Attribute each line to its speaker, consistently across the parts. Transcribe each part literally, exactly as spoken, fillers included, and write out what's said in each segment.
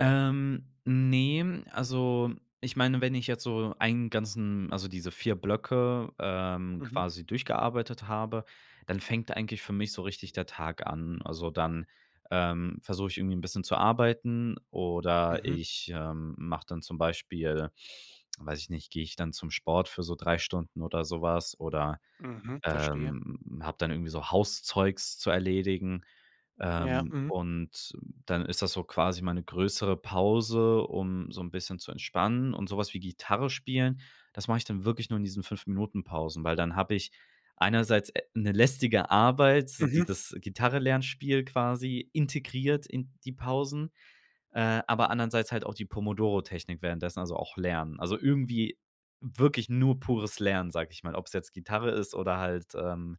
Speaker 1: Ähm. Ne, also ich meine, wenn ich jetzt so einen ganzen also diese vier Blöcke, ähm,
Speaker 2: Mhm.
Speaker 1: quasi durchgearbeitet habe, dann fängt eigentlich für mich so richtig der Tag an. Also, dann, ähm, versuch ich irgendwie 'n bisschen zu arbeiten, oder
Speaker 2: Mhm.
Speaker 1: ich, ähm, mach dann zum Beispiel weiß ich nicht geh ich dann zum Sport für so drei Stunden oder sowas, oder,
Speaker 2: Mhm. Verstehe.
Speaker 1: ähm, hab dann irgendwie so Hauszeugs zu erledigen.
Speaker 2: Ja.
Speaker 1: Ähm,
Speaker 2: Mhm.
Speaker 1: und dann ist das so quasi meine größere Pause, um so 'n bisschen zu entspannen. Und so was wie Gitarre spielen, das mach ich dann wirklich nur in diesen fünf Minuten-Pausen, weil dann hab ich einerseits, äh, 'ne lästige Arbeit, so
Speaker 2: Mhm.
Speaker 1: dieses Gitarre-Lernspiel quasi, integriert in die Pausen, äh, aber andernseits halt auch die Pomodoro-Technik währenddessen, also auch Lernen. Also irgendwie wirklich nur pures Lernen, sag ich mal, ob's jetzt Gitarre ist oder halt, ähm,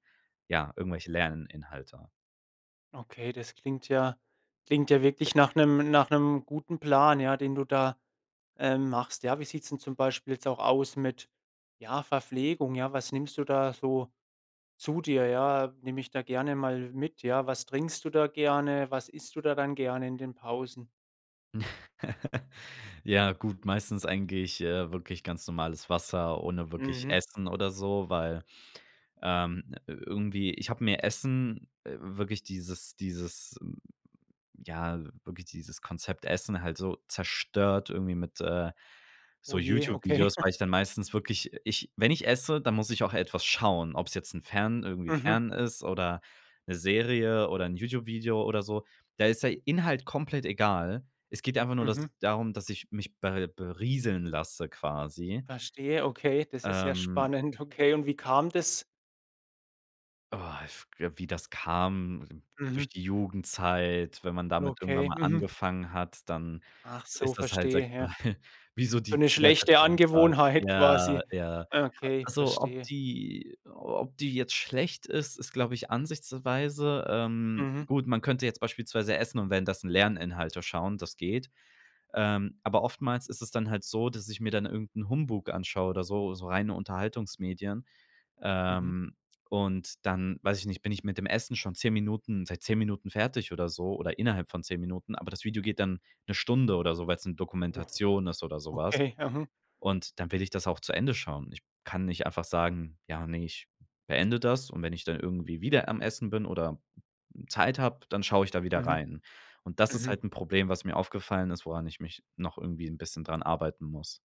Speaker 1: ja, irgendwelche Lerninhalte.
Speaker 2: Okay, das klingt ja klingt ja wirklich nach 'nem nach 'nem guten Plan, ja, den du da, ähm, machst. Ja, wie sieht's denn zum Beispiel jetzt auch aus mit, ja, Verpflegung? Ja, was nimmst du da so zu dir? Ja, nimm mich da gerne mal mit, ja? Was trinkst du da gerne? Was isst du da dann gerne in den Pausen?
Speaker 1: Ja, gut. Meistens eigentlich, äh, wirklich ganz normales Wasser ohne wirklich
Speaker 2: Mhm.
Speaker 1: Essen oder so, weil, ähm, irgendwie ich hab mir Essen, wirklich dieses dieses, ja, wirklich dieses Konzept Essen halt so zerstört irgendwie mit, äh, so
Speaker 2: Oh je. Okay.
Speaker 1: YouTube-Videos, weil ich dann meistens wirklich ich wenn ich esse, dann muss ich auch etwas schauen, ob's jetzt 'n Fern irgendwie
Speaker 2: Mhm.
Speaker 1: Fern ist oder 'ne Serie oder 'n YouTube-Video oder so. Da ist der Inhalt komplett egal. Es geht einfach nur das
Speaker 2: Mhm.
Speaker 1: darum, dass ich mich ber berieseln lasse quasi.
Speaker 2: Verstehe, okay, das ist ja
Speaker 1: Ähm.
Speaker 2: spannend. Okay, und wie kam das?
Speaker 1: Oh, if g äh, wie das kam?
Speaker 2: Mhm.
Speaker 1: Durch die Jugendzeit, wenn man damit irgendwann
Speaker 2: Okay.
Speaker 1: mal
Speaker 2: Mhm.
Speaker 1: angefangen hat, dann
Speaker 2: Ach so,
Speaker 1: ist das halt sag
Speaker 2: verstehe.
Speaker 1: ich mal
Speaker 2: Ja.
Speaker 1: wie so
Speaker 2: So
Speaker 1: die
Speaker 2: 'ne
Speaker 1: Zigarette
Speaker 2: schlechte
Speaker 1: am Tag.
Speaker 2: Angewohnheit
Speaker 1: Ja,
Speaker 2: quasi.
Speaker 1: ja. A
Speaker 2: Okay,
Speaker 1: also ob
Speaker 2: verstehe.
Speaker 1: die ob die jetzt schlecht ist, ist, glaube ich Ansichtsweise, ähm,
Speaker 2: Mhm.
Speaker 1: gut, man könnte jetzt beispielsweise essen und währenddessen Lerninhalte schauen, das geht. Ähm. Aber oftmals ist es dann halt so, dass ich mir dann irgend 'n Humbug anschaue oder so, so reine Unterhaltungsmedien.
Speaker 2: Mhm.
Speaker 1: Ähm, und dann weiß ich nicht, bin ich mit dem Essen schon zehn Minuten seit zehn Minuten fertig oder so, oder innerhalb von zehn Minuten, aber das Video geht dann 'ne Stunde oder so, weil's 'ne
Speaker 2: Oh,
Speaker 1: Dokumentation ist oder so was.
Speaker 2: Okay. Mhm.
Speaker 1: Und dann will ich das auch zu Ende schauen. Ich kann nicht einfach sagen: „Ja, ne, ich beende das. Und wenn ich dann irgendwie wieder am Essen bin oder Zeit hab, dann schau ich da wieder
Speaker 2: Mhm.
Speaker 1: rein.” Und das ist halt
Speaker 2: Mhm.
Speaker 1: 'n Problem, was mir aufgefallen ist, woran ich mich noch irgendwie 'n bisschen dran arbeiten muss.